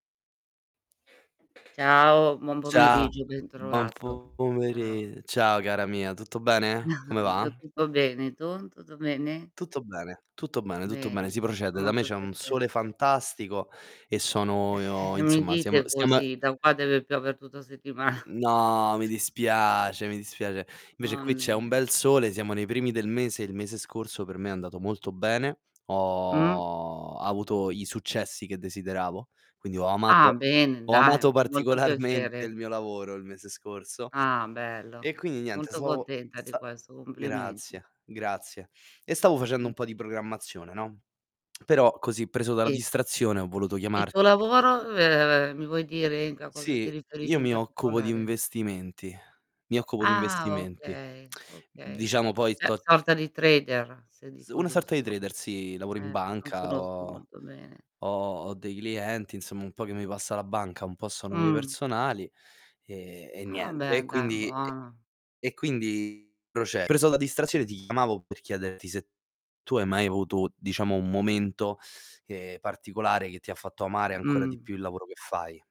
Ciao, buon Cia pomeriggio, buon bentrovato. Ciao. pomeri ciao, cara mia, tutto bene? Come va? Io tutto bene. Tu, tutto bene? Tutto bene, tutto bene, tutto bene. Bene, Si fa procede. Da me molto c'è un sole piacere. fantastico e sono io Mi insomma, siam dite siam così, da qua deve piove tutta settimana. N No, mi dispiace, mi dispiace. Invece Ma qui c'è un mia. bel sole, siamo nei primi del mese e il mese scorso per me è andato molto bene. Mh. Ho avuto i successi che desideravo, quindi ho Ah, amato bene, ho dai. amato Fa molto particolarmente piacere. il mio lavoro il mese scorso. Ah, bello. E quindi niente Molto stavo contenta di sa questo, complimenti. grazie, grazie. E stavo facendo un Mh. po' di programmazione, no. Però così, preso dalla Sì. distrazione, ho voluto Il tuo chiamarti. lavoro [unintelligible] mi vuoi dire in Mhmm, ca cosa ti sì, riferisci io in mi occupo di particolare? investimenti. Mi occupo di Ah, investimenti. okay, okay. Diciamo poi Cioè, sto sorta di trader, se S dico una sorta di giusto. trader, sì. Lavoro in Eh, non banca, conosco ho molto bene. ho ho dei clienti insomma, un po' che mi passa la banca, un po' sono miei Mh. personali, e e Ah, niente. beh, E dai, quindi e buono. e quindi proce preso la distrazione ti chiamavo per chiederti se tu hai mai avuto, diciamo un momento, ehm, particolare che ti ha fatto amare ancora di Mh. più il lavoro che fai.